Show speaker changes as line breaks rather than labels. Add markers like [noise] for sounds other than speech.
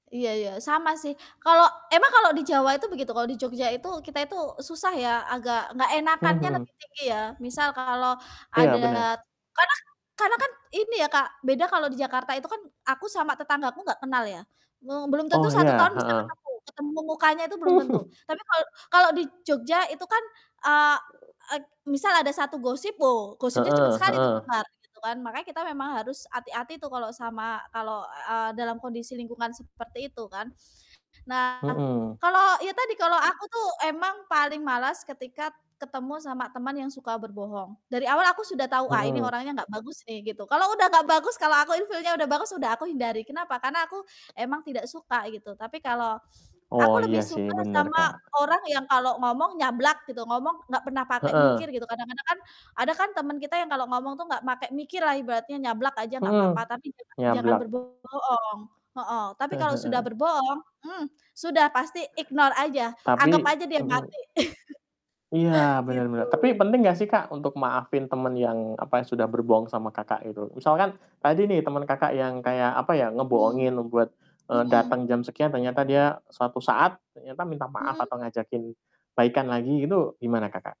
Iya iya, sama sih. Kalau emang kalau di Jawa itu begitu, kalau di Jogja itu kita itu susah ya, agak enggak enakannya
Mhm.
lebih tinggi, ya. Misal kalau
Iya
ada
benar
karena karena kan ini ya Kak, beda kalau di Jakarta itu kan, aku sama tetanggaku enggak kenal ya, me belum tentu
Oh
1
iya,
tahun bisa
heeh.
ketemu ketemu mukanya tuh belum tentu.
[chuckles]
Tapi, kalau kalau di Jogja itu kan, eee, eg misal ada 1 gosip, wo gosipnya cepat
Heeh
sekali tuh
heeh.
nyebar, begitu kan. Makanya kita memang harus hati-hati tuh kalau sama kalau, e dalam kondisi lingkungan seperti itu kan. Nah,
Mhm.
kalau ya tadi kalau aku tuh emang paling malas ketika ketemu sama teman yang suka berbohong, dari awal aku sudah tahu, "Ah, ini
Mhm.
orangnya enggak bagus nih," gitu. Kalau sudah enggak bagus, kalau aku in feel-nya sudah bagus sudah aku hindari, kenapa? Karena aku emang tidak suka, gitu. Tapi kalau
Oh
aku lebih
iya sih,
suka
benar,
sama
Kak.
orang yang kalau ngomong nyablak gitu, ngomong enggak pernah pakai mikir
Heeh.
gitu. Kadang-kadang kan, ada kan teman kita yang kalau ngomong tuh enggak pakai mikir lah ibaratnya nyablak aja enggak
Mhm,
apa-apa, tapi jangan jangan
nyablak.
berbo bohong heeh. Tapi
Heeh
kalau sudah
heeh.
berbohong, hmm, sudah pasti ignore aja, anggap
Tapi
aja dia
mhm.
mati. [chuckles]
Iya, benar
Gitu.
benar. Tapi penting gak sih Kak, untuk maafin teman
Mhm.
yang apa, sudah berbohong sama Kakak, gitu. Misalkan, tadi nih teman Kakak, yang kayak, apa ya,
Mmm,
ngebohongin buat, eee,
mhm,
datang
mhm.
jam sekian ternyata dia suatu saat ternyata minta maaf
Mhm?
atau ngajakin baikan lagi gitu gimana, Kakak?